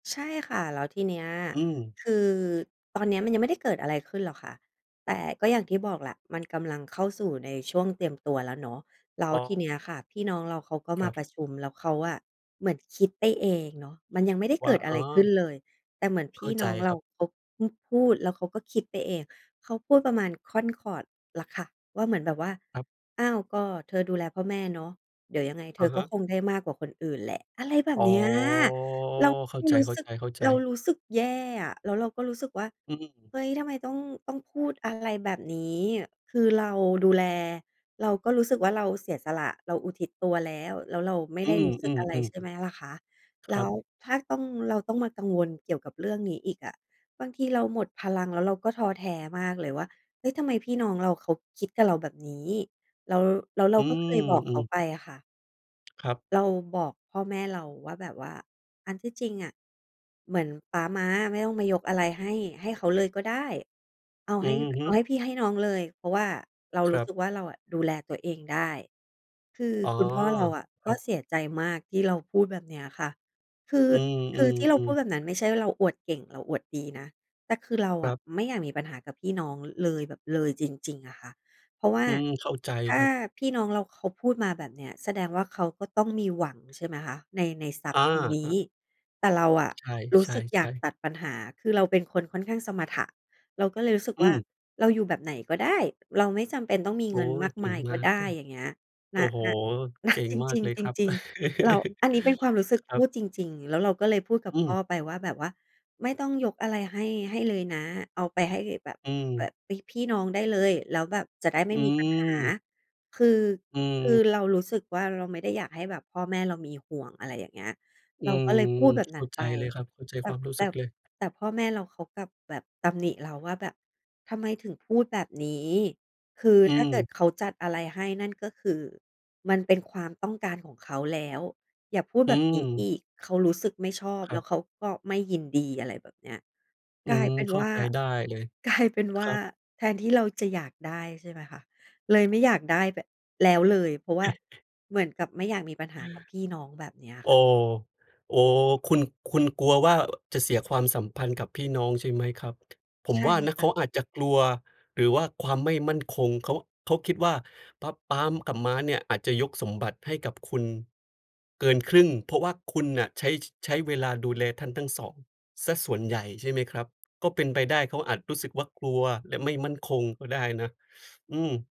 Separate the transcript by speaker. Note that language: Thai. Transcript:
Speaker 1: ใช่ค่ะ แล้วทีเนี้ย
Speaker 2: อืม
Speaker 1: คือตอนนี้มันยังไม่ได้เกิดอะไรขึ้นหรอกค่ะ แต่ก็อย่างที่บอกแหละมันกำลังเข้าสู่ในช่วงเตรียมตัวแล้วเนาะ แล้ว
Speaker 2: อ๋
Speaker 1: ที
Speaker 2: อ
Speaker 1: เนี้ยค่ะพี่น้องเราเขาก็
Speaker 2: ค
Speaker 1: ม
Speaker 2: ร
Speaker 1: า
Speaker 2: ั
Speaker 1: ป
Speaker 2: บ
Speaker 1: ระชุม แล้วเขาอะเหมือนคิดไปเองเนาะมันยังไม่ได้
Speaker 2: ว
Speaker 1: เก
Speaker 2: ่า
Speaker 1: ิดอะ
Speaker 2: อ๋
Speaker 1: ไ
Speaker 2: อ
Speaker 1: รขึ้นเลย แต่เหมือนพ
Speaker 2: เข
Speaker 1: ี
Speaker 2: ้
Speaker 1: ่
Speaker 2: าใ
Speaker 1: น้
Speaker 2: จ
Speaker 1: องเร
Speaker 2: ค
Speaker 1: า
Speaker 2: รับ
Speaker 1: เขาพึ่งพูด แล้วเขาก็คิดไปเอง เขาพูดประมาณค่อนขอดล่ะค่ะว่าเหมือนแบบว่า
Speaker 2: ครับ
Speaker 1: "อ้าว ก็เธอดูแลพ่อแม่เนาะ เดี๋ยวยังไงเธ
Speaker 2: อ
Speaker 1: อ
Speaker 2: ะฮ
Speaker 1: ก็ค
Speaker 2: ะ
Speaker 1: งได้มากกว่าคนอื่นแหละ" อะไรแบบ
Speaker 2: อ๋อ
Speaker 1: เนี้ย เรา
Speaker 2: เข้าใ
Speaker 1: รู้สึก
Speaker 2: จ
Speaker 1: เรา
Speaker 2: ๆ ๆ
Speaker 1: รู้สึกแย่อะ แล้วเราก็รู้สึกว่า
Speaker 2: อืม
Speaker 1: "เฮ้ย ทำไมต้อง ต้องพูดอะ ไรแบบนี้ คือเราดูแล เราก็รู้สึกว่า เราเสียสละ เราอุทิศตัวแล้ว แล้วเราไม่
Speaker 2: อ
Speaker 1: ได
Speaker 2: ื
Speaker 1: ้รู้สึกอะไร"
Speaker 2: อ
Speaker 1: ใ
Speaker 2: ๆ ๆ
Speaker 1: ช่ไหมล่ะคะ แ
Speaker 2: ค
Speaker 1: ล
Speaker 2: ร
Speaker 1: ้
Speaker 2: ั
Speaker 1: ว
Speaker 2: บ
Speaker 1: ถ้าต้อง เราต้องมากังวลเกี่ยวกับเรื่องนี้อีกอะ บางทีเราหมดพลัง แล้วเราก็ท้อแท้มากเลยว่า "เฮ้ย ทำไมพี่น้องเราเขาคิดกับเราแบบนี้?" แล้ว แล้วเรา
Speaker 2: อื
Speaker 1: ก็เคย
Speaker 2: ม
Speaker 1: บอก
Speaker 2: อ
Speaker 1: เ
Speaker 2: ื
Speaker 1: ขา
Speaker 2: ม
Speaker 1: ไปอะค่ะ
Speaker 2: ครับ
Speaker 1: เราบอกพ่อแม่เราว่า แบบว่า อันที่จริงอะเหมือนป๊าม้าไม่ต้องมายกอะไรให้ ให้เขาเลยก็ได้ เอา
Speaker 2: อ
Speaker 1: ใ
Speaker 2: ื
Speaker 1: ห้
Speaker 2: อฮ
Speaker 1: เอ
Speaker 2: ึ
Speaker 1: าให้พี่ให้น้องเลย เพราะว่าเรา
Speaker 2: ค
Speaker 1: รู
Speaker 2: ร
Speaker 1: ้
Speaker 2: ั
Speaker 1: ส
Speaker 2: บ
Speaker 1: ึกว่า เราอะดูแลตัวเองได้ คือ
Speaker 2: อ๋อ
Speaker 1: คุณพ่อเราอะ
Speaker 2: ค
Speaker 1: ก
Speaker 2: ร
Speaker 1: ็
Speaker 2: ับ
Speaker 1: เสียใจมากที่เราพูดแบบเนี้ยค่ะ คือ
Speaker 2: อื
Speaker 1: คือที่เราพ
Speaker 2: อ
Speaker 1: ู
Speaker 2: ๆ
Speaker 1: ด
Speaker 2: ๆ
Speaker 1: แบบนั้นไม่ใช่ว่าเราอวดเก่งเราอวดดีนะ แต่คือเรา
Speaker 2: ค
Speaker 1: อ
Speaker 2: ร
Speaker 1: ะ
Speaker 2: ับ
Speaker 1: ไม่อยากมีปัญหากับพี่น้องเลยแบบ เลยจริง ๆ อะค่ะ เพราะว่า
Speaker 2: อืม เข้าใจ
Speaker 1: ถ้
Speaker 2: ค
Speaker 1: า
Speaker 2: รับ
Speaker 1: พี่น้องเราเขาพูดมาแบบเนี้ยแสดงว่า เขาก็ต้องมีหวังใช่ไหมคะ? ใน ในทรัพ
Speaker 2: อ
Speaker 1: ท
Speaker 2: า
Speaker 1: ์ตรงนี
Speaker 2: อ
Speaker 1: ้
Speaker 2: ะ
Speaker 1: แต่เราอะ
Speaker 2: ใ
Speaker 1: รู้
Speaker 2: ช
Speaker 1: สึกอยา
Speaker 2: ่
Speaker 1: ก
Speaker 2: ๆ ๆ
Speaker 1: ตัดปัญหา คือเราเป็นคนค่อนข้างสมถะ เราก็เลยรู้สึก
Speaker 2: อื
Speaker 1: ว่า
Speaker 2: ม
Speaker 1: เราอยู่แบบไหนก็ได้ เราไม่จำเป็นต้องมี
Speaker 2: โอ
Speaker 1: เ
Speaker 2: ๊
Speaker 1: งินม
Speaker 2: ย
Speaker 1: าก
Speaker 2: เก
Speaker 1: ม
Speaker 2: ่
Speaker 1: า
Speaker 2: ง
Speaker 1: ย
Speaker 2: ม
Speaker 1: ก็
Speaker 2: าก
Speaker 1: ได
Speaker 2: เ
Speaker 1: ้
Speaker 2: ลย
Speaker 1: อย่างเงี้ย ณ
Speaker 2: โอ้โฮ
Speaker 1: ณ ณ
Speaker 2: เก่ง
Speaker 1: จ
Speaker 2: มา
Speaker 1: ร
Speaker 2: ก
Speaker 1: ิง
Speaker 2: เลย
Speaker 1: ๆ จ
Speaker 2: ครับ
Speaker 1: ริง ๆ เรา อันนี้เป็นความรู้สึ
Speaker 2: ค
Speaker 1: ก
Speaker 2: ร
Speaker 1: พ
Speaker 2: ั
Speaker 1: ู
Speaker 2: บ
Speaker 1: ดจริง ๆ แล้วเราก็เลยพูดกับ
Speaker 2: อื
Speaker 1: พ
Speaker 2: ม
Speaker 1: ่อไปว่าแบบว่า "ไม่ต้องยกอะไรให้ ให้เลยนะ เอาไปให้แบบ
Speaker 2: อื
Speaker 1: แบบ
Speaker 2: ม
Speaker 1: พี่ พี่น้องได้เลย แล้วแบบจะได้ไม
Speaker 2: อ
Speaker 1: ่
Speaker 2: ื
Speaker 1: มีปัญหา
Speaker 2: ม
Speaker 1: คือ
Speaker 2: อื
Speaker 1: คือ
Speaker 2: ม
Speaker 1: เรารู้สึกว่า เราไม่ได้อยากให้แบบพ่อแม่เรามีห่วง" อะไรอย่างเงี้ย
Speaker 2: อื
Speaker 1: เราก็
Speaker 2: ม
Speaker 1: เลยพูดแบบ
Speaker 2: เข
Speaker 1: นั
Speaker 2: ้
Speaker 1: ้
Speaker 2: า
Speaker 1: น
Speaker 2: ใจ
Speaker 1: ไป
Speaker 2: เลยครับ เข้าใจ
Speaker 1: แต่
Speaker 2: ความรู้
Speaker 1: แต
Speaker 2: สึ
Speaker 1: ่
Speaker 2: กเลย
Speaker 1: แต่พ่อแม่เราเขากลับแบบตำหนิเราว่าแบบ "ทำไมถึงพูดแบบนี้ คือ
Speaker 2: อื
Speaker 1: ถ้าเกิ
Speaker 2: ม
Speaker 1: ดเขาจัดอะไรให้นั่น ก็คือมันเป็นความต้องการของเขาแล้ว อย่าพูด
Speaker 2: อ
Speaker 1: แ
Speaker 2: ื
Speaker 1: บบนี้อ
Speaker 2: ม
Speaker 1: ีก เขารู้สึกไม่ชอบ
Speaker 2: คร
Speaker 1: แ
Speaker 2: ั
Speaker 1: ล้
Speaker 2: บ
Speaker 1: วเขาก็ไม่ยินดี" อะไรแบบเนี้ย
Speaker 2: อื
Speaker 1: กลา
Speaker 2: ม
Speaker 1: ยเป็น
Speaker 2: เข้
Speaker 1: ว
Speaker 2: า
Speaker 1: ่า
Speaker 2: ใจได้เลย
Speaker 1: กลายเป็นว
Speaker 2: ค
Speaker 1: ่า
Speaker 2: รับ
Speaker 1: แทนที่เราจะอยากได้ ใช่ไหมคะ เลยไม่อยากได้ ป แล้วเลย เพราะว่าเหมือนกับไม่อยากมีปัญหากับพี่น้องแบบเนี้ย
Speaker 2: โอ้
Speaker 1: ค่ะ
Speaker 2: โอ้ คุณ คุณกลัวว่า จะเสียความสัมพันธ์กับพี่น้องใช่ไหมครับ? ผ
Speaker 1: ใ
Speaker 2: ม
Speaker 1: ช่
Speaker 2: ว่านะ
Speaker 1: ค
Speaker 2: เ
Speaker 1: ่
Speaker 2: ข
Speaker 1: ะ
Speaker 2: าอาจจะกลัว หรือว่าความไม่มั่นคง เขา เขาคิดว่า ปั๊บปั๊มกับม้าเนี่ยอาจจะยกสมบัติให้กับคุณเกินครึ่ง เพราะว่าคุณน่ะใช้ ใช้เวลาดูแลท่านทั้ง 2 เสียส่วนใหญ่ ใช่ไหมครับ? ก็เป็นไปได้เขาอาจรู้สึกว่ากลัว และไม่มั่นคงก็ได้นะ อืม